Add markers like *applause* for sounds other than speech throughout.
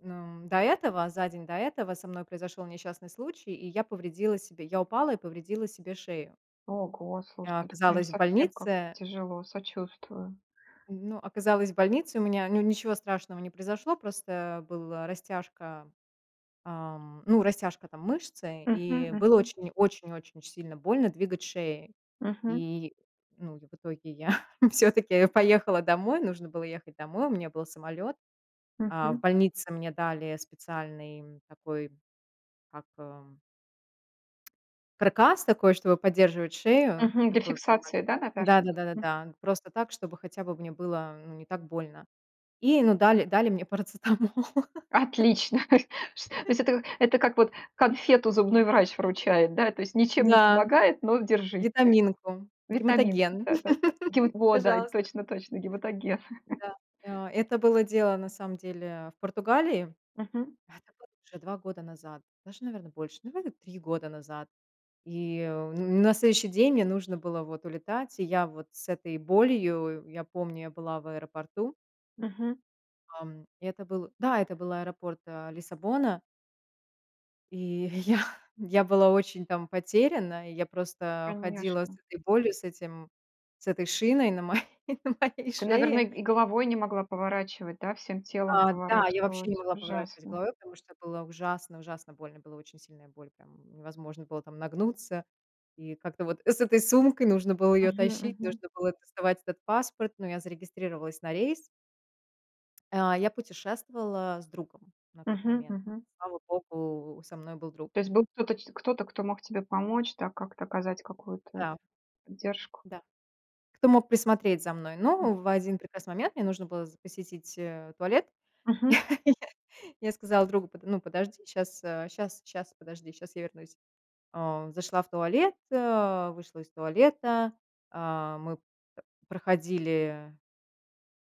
Ну, до этого, за день до этого, со мной произошел несчастный случай, и я повредила себе Я упала и повредила себе шею. Ого, слушай, Я ну, прям оказалась в совсем как-то больнице тяжело. Сочувствую. Ну оказалась в больнице, у меня ню ничего страшного не произошло. Просто была растяжка, ам, ну, растяжка, там, мышцы, Мгм, и было мгм. очень очень-очень сильно больно двигать шеей. Мгм. И, ну, и в итоге я *chuckles* всё-таки поехала домой. Нужно было ехать домой. У меня был самолет. А в Мгм. больнице мне дали специальный такой, как, эм *clicks tongue* каркас такой, чтобы поддерживать шею. Мгм. Для Такой прям фиксации, это да, наверно? Да-да, Мгм. да-да-да. Просто так, чтобы хотя бы мне было, ну, не так больно. И, ну, дали дали мне парацетамол. Отлично! То есть то *chuckles* есть это это как вот конфету зубной врач вручает, да? То есть ничем не Да. помогает, но держите. Витаминку. Витаминку, Гематоген, да-да-да. Гема *laughs* Во, да, пожалуйста. точно-точно, гематоген. *chuckles* Да. И о Это было дело, на самом деле, в Португалии. Мгм. Это было уже 2 года назад, даже, наверно, больше. Наверно, 3 года назад. И, э, на следующий день мне нужно было вот улетать. И я вот с этой болью, я помню, я была в аэропорту Мгм. Ам, это был Да, это был аэропорт, а, Лиссабона. И *exhales* я я была очень там потеряна. И я просто ходила с Конечно. этой болью, с этим с этой шиной на мо на моей Ты, наверное, шее. и и головой не могла поворачивать, да? Всем телом А, да. Я вообще не поворачивалась. могла поворачивать Ужасно. головой, потому что было ужасно ужасно больно. Была очень сильная боль, прям невозможно было там нагнуться, и как-то вот с этой сумкой нужно было ее Мгм, тащить. мгм. Нужно было доставать этот паспорт. Но я зарегистрировалась на рейс. *clicks tongue* А, я путешествовала с другом на тот Мгм, момент. мгм. Слава богу, со мной был друг. То есть был кто-то, ч кто-то, кто мог тебе помочь, да? Как-то оказать какую-то, Да. это, поддержку? Да. Кто мог присмотреть за мной. Ну, в 1 прекрасный момент мне нужно было з посетить, э, туалет. Мгм. *laughs* Я я сказала другу: "Ну, подожди, щас щас щас, подожди, щас я вернусь". А. Зашла в туалет, а, вышла из туалета. А, мы проходили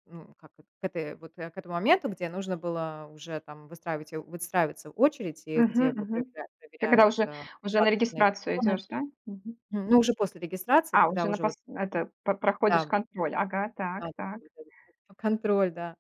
ну, как, э к этой вот к этому моменту, где нужно было уже там выстраивать, у выстраивается очередь, и Мгм, где бы мгм. проверяли Когда проверяют, уже а, уже на посадочные регистрацию талоны. идешь, да? Мгм. М, ну, уже после регистрации, А, когда уже на уже пос вот это, по проходишь Там контроль. Ага, так Надо так. было *unintelligible* там контроль, да.